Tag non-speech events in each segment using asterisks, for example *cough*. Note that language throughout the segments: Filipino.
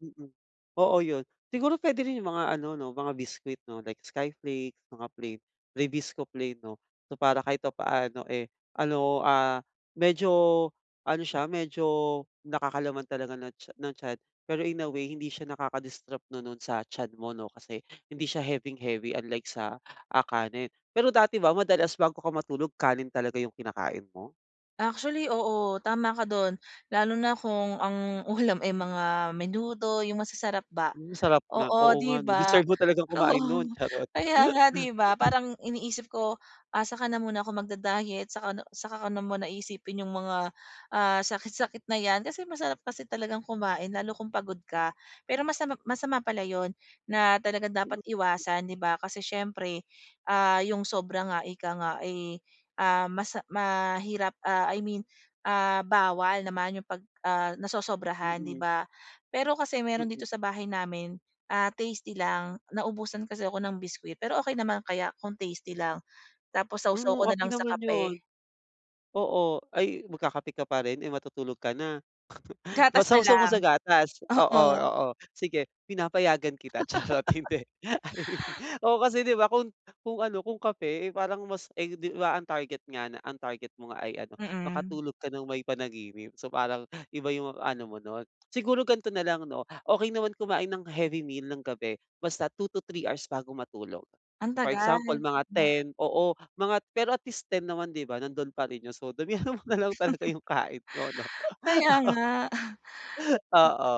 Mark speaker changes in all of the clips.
Speaker 1: Mm. Oo yun siguro puwede rin yung mga ano 'no, mga biskwit 'no, like skyflake, mga plain rebisco plain 'no, so para kahit papaano, eh, ano, ah, medyo ano siya medyo nakakalaman talaga ng tya ng tiyan pero in a way hindi siya nakaka-distrupt 'no nun sa tiyan mo 'no kasi hindi siya heaving-heavy unlike sa kanin, pero dati ba madalas bago ka matulog kanin talaga yung kinakain mo?
Speaker 2: Actually, oo tama ka dun lalo na kung ang ulam ay mga menudo yung masasarap ba
Speaker 1: Hmm, sarap niyan, oo
Speaker 2: oo
Speaker 1: nga
Speaker 2: 'di
Speaker 1: 'no
Speaker 2: ba
Speaker 1: deserve mo talagang
Speaker 2: oo
Speaker 1: kumain nun charot.
Speaker 2: kaya nga 'di ba,
Speaker 1: *chuckles*
Speaker 2: parang iniisip ko, ah, saka na muna ko magda-diet, saka na saka ko na muna iisipin yung mga, ah, sakit-sakit na 'yan kasi masarap kasi talagang kumain lalo kung pagod ka. Pero masama masama pala yun na talagang dapat iwasan 'di ba, kasi siyempre, ah, yung sobra nga ika nga, eh, ah, mas mahirap ah, I mean, ah, bawal naman yung pag, ah, nasosobrahan 'di
Speaker 1: Mm.
Speaker 2: ba, pero kasi meron
Speaker 1: Mm.
Speaker 2: dito sa bahay namin, ah, tasty lang naubusan kasi ako ng biskwit pero okey naman kaya kung tasty lang, tapos saw-saw
Speaker 1: Hmm,
Speaker 2: ko nalang
Speaker 1: okey
Speaker 2: sa
Speaker 1: naman yun.
Speaker 2: kape.
Speaker 1: Oo, ay magkakape ka pa rin, eh, matutulog ka na? *chuckles* Ma
Speaker 2: Gatas na
Speaker 1: sawsaw mo
Speaker 2: lang.
Speaker 1: sa gatas oo,
Speaker 2: Oo.
Speaker 1: oo sige pinapayagan kita, charot hindi. *chuckles* Oo kasi di ba, kun kung ano kung kape, eh, parang mas, eh, 'di ba ang target nga na ang target mo nga ay ano
Speaker 2: Mm.
Speaker 1: makatulog ka ng may panaginip so parang iba yung ano mo nun. Siguro gan'to nalang 'no okey naman kumain ng heavy meal ng gabi basta 2 to 3 hours bago matulog,
Speaker 2: Ang
Speaker 1: for
Speaker 2: tagal,
Speaker 1: example mga
Speaker 2: oo.
Speaker 1: 10 oo mga pero at least 10 naman 'di ba nandun pa rin yung so damihan mo nalang talaga yung kain 'no,
Speaker 2: *chuckles* Kaya
Speaker 1: oo.
Speaker 2: nga.
Speaker 1: Oo,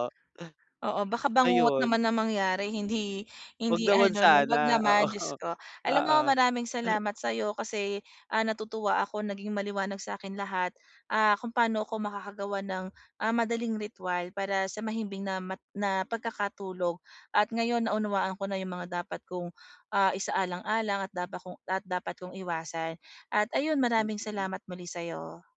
Speaker 2: Oo baka bangungot
Speaker 1: ayun.
Speaker 2: naman ang mangyari hindi
Speaker 1: 'Wag
Speaker 2: hindi
Speaker 1: naman
Speaker 2: ano 'no 'wag
Speaker 1: sana, oo.
Speaker 2: naman Diyos ko. Alam
Speaker 1: Oo.
Speaker 2: mo maraming
Speaker 1: *hiccups*
Speaker 2: salamat sayo kasi, ah, natutuwa ako naging maliwanag sakin lahat, ah, kung paano ko makakagawa ng, ah, madaling ritwal para sa mahimbing na ma na pagkakatulog at ngayon naunawaan ko na yung mga dapat kong, ah, isaalang-alang at dapa kong at dapat kong iwasan at ayun maraming
Speaker 1: Mm.
Speaker 2: salamat muli sayo.